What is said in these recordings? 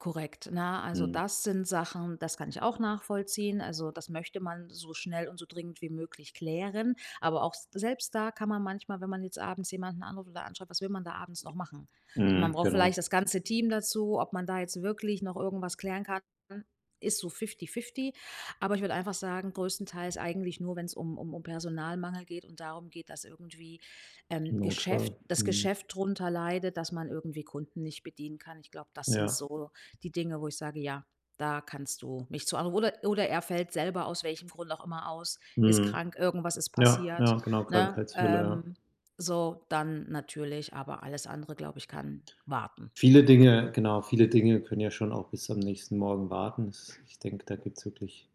Korrekt, ne? Also, Mhm. das sind Sachen, das kann ich auch nachvollziehen. Also, das möchte man so schnell und so dringend wie möglich klären. Aber, auch s selbst da kann man manchmal, wenn man jetzt abends jemanden anruft oder anschreibt, was will man da abends noch machen? Man Mhm. braucht vielleicht Genau. das ganze Team dazu, ob man da jetzt wirklich noch irgendwas klären kann, dann ist so fifty-fifty. Aber ich würde einfach sagen, größtenteils eigentlich nur, wenn's um um um Personalmangel geht und darum geht, dass irgendwie, ähm, Im Geschäft Notfall. das Mhm. Geschäft drunter leidet, dass man irgendwie Kunden nicht bedienen kann. Ich glaube, das sind Ja. so die Dinge, wo ich sage: „Ja, da kannst du mich zu anru“ oder oder er fällt selber aus welchem Grund auch immer aus, ist Mhm. krank, irgendwas ist Ja, passiert, ja, genau, ne? Krankheitsfälle, ja. Ähm, so dann natürlich, aber alles andere, glaube ich, kann warten. Viele Dinge genau, viele Dinge können ja schon auch bis am nächsten Morgen warten. Es ich denke, da gibt's wirklich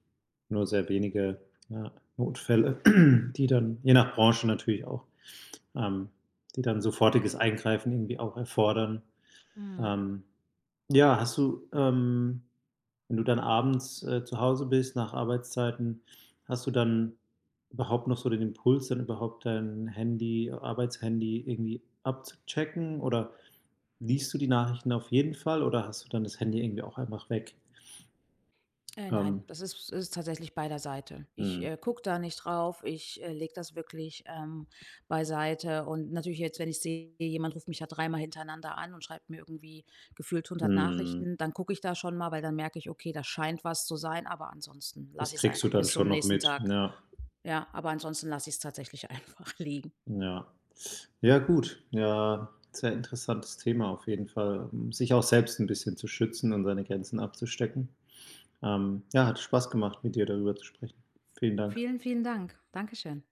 nur sehr wenige ja Notfälle, die dann, je nach Branche natürlich auch ähm, die dann sofortiges Eingreifen irgendwie auch erfordern. Mhm. Ähm, ja, hast du ähm, wenn du dann abends, äh, zu Hause bist nach Arbeitszeiten, hast du dann überhaupt noch so den Impuls, dann überhaupt dein Handy Arbeitshandy irgendwie abzuchecken oder liest du die Nachrichten auf jeden Fall oder hast du dann das Handy irgendwie auch einfach weg? Äh, nein, Ähm das ist ist tatsächlich bei der Seite. Ich, Mhm. äh, gucke da nicht drauf, ich, äh, lege das wirklich, ähm, beiseite. Und natürlich jetzt, wenn ich sehe, jemand ruft mich da dreimal hintereinander an und schreibt mir irgendwie gefühlt 100 Mhm. Nachrichten, dann gucke ich da schon mal, weil dann merke ich: „Okay, da scheint was zu sein“, aber ansonsten Das lasse ich es kriegst du einfach dann bis schon zum noch nächsten mit, Tag ja. ja, aber ansonsten lasse ich es tatsächlich einfach liegen. Ja. Ja gut, ja, sehr interessantes Thema auf jeden Fall, hm, sich auch selbst 'n bisschen zu schützen und seine Grenzen abzustecken. Ähm, ja hat Spaß gemacht, mit dir darüber zu sprechen. Vielen Dank. Vielen, vielen Dank. Dankeschön.